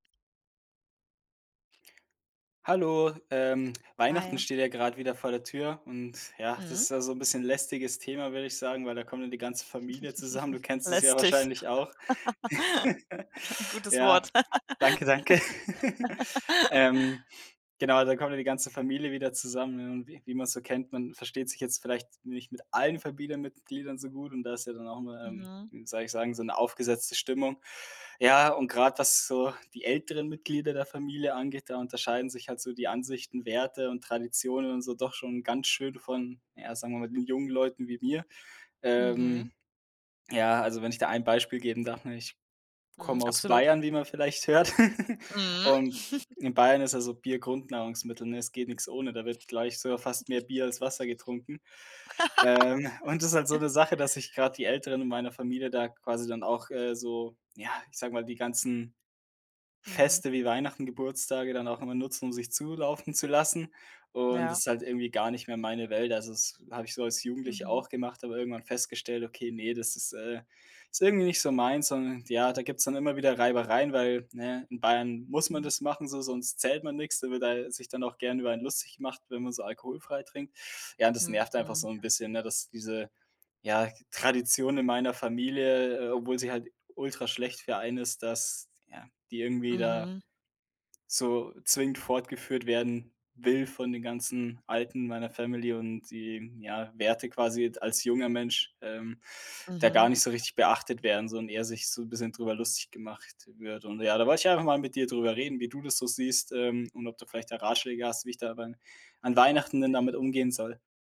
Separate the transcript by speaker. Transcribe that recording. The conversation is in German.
Speaker 1: Hallo, ähm, Weihnachten
Speaker 2: Hi.
Speaker 1: steht ja grad wieder vor der Tür und ja, das
Speaker 2: Mhm.
Speaker 1: ist ja so ‘n bisschen lästiges Thema, würde ich sagen, weil da kommt ja die ganze Familie zusammen, du kennst es ja
Speaker 2: Lästig.
Speaker 1: wahrscheinlich auch.
Speaker 2: Gutes
Speaker 1: Ja,
Speaker 2: Wort.
Speaker 1: danke, danke. Ähm, genau, dann kommt ja die ganze Familie wieder zusammen und wie wie man‘s so kennt, man versteht sich jetzt vielleicht nicht mit allen Familienmitgliedern so gut und da ist ja dann auch immer, ähm,
Speaker 2: Mhm.
Speaker 1: wie soll ich sagen, so ‘ne aufgesetzte Stimmung. Ja, und grad, was so die älteren Mitglieder der Familie angeht, da unterscheiden sich halt so die Ansichten, Werte und Traditionen und so doch schon ganz schön von, ja, sagen wir mal, den jungen Leuten wie mir. Ähm,
Speaker 2: Mhm.
Speaker 1: ja, also, wenn ich da ein Beispiel geben darf, ne, ich
Speaker 2: Mhm,
Speaker 1: komme aus
Speaker 2: absolut.
Speaker 1: Bayern, wie man vielleicht hört
Speaker 2: Mhm.
Speaker 1: und in Bayern ist ja so Bier Grundnahrungsmittel, ne? Es geht nix ohne, da wird gleich sogar fast mehr Bier als Wasser getrunken. Ähm, und das ist halt so ‘ne Sache, dass ich gerade die Älteren in meiner Familie da quasi dann auch, äh, so, ja, ich sage mal, die ganzen
Speaker 2: Mhm.
Speaker 1: Feste wie Weihnachten, Geburtstage dann auch immer nutzen, um sich zulaufen zu lassen und das
Speaker 2: Ja.
Speaker 1: ist halt irgendwie gar nicht mehr meine Welt. Also, das ist habe ich so als Jugendlicher
Speaker 2: Mhm.
Speaker 1: auch gemacht, aber irgendwann festgestellt: „Okay, ne, das ist, äh ist irgendwie nicht so meins“, und ja, da gibt‘s dann immer wieder Reibereien, weil, ne, in Bayern muss man
Speaker 2: Hm.
Speaker 1: das machen so, sonst zählt man nix, da wird da sich dann auch gern über einen lustig gemacht, wenn man so alkoholfrei trinkt. Ja, und das nervt einfach
Speaker 2: Mhm.
Speaker 1: so ‘n bisschen, ne, dass diese, ja, Tradition in meiner Familie, obwohl sie halt ultraschlecht für einen ist, dass, ja, die irgendwie da,
Speaker 2: Mhm.
Speaker 1: so zwingend fortgeführt werden will von den ganzen Alten meiner Family und die, ja, Werte quasi d als junger Mensch, ähm, da gar
Speaker 2: Mhm.
Speaker 1: nicht so richtig beachtet werden so und eher sich so ‘n bisschen drüber lustig gemacht wird. Und ja, da wollte ich einfach mal mit dir drüber reden, wie du das so siehst, ähm, und ob du vielleicht da Ratschläge hast, wie ich da beim an Weihnachten denn damit umgehen soll?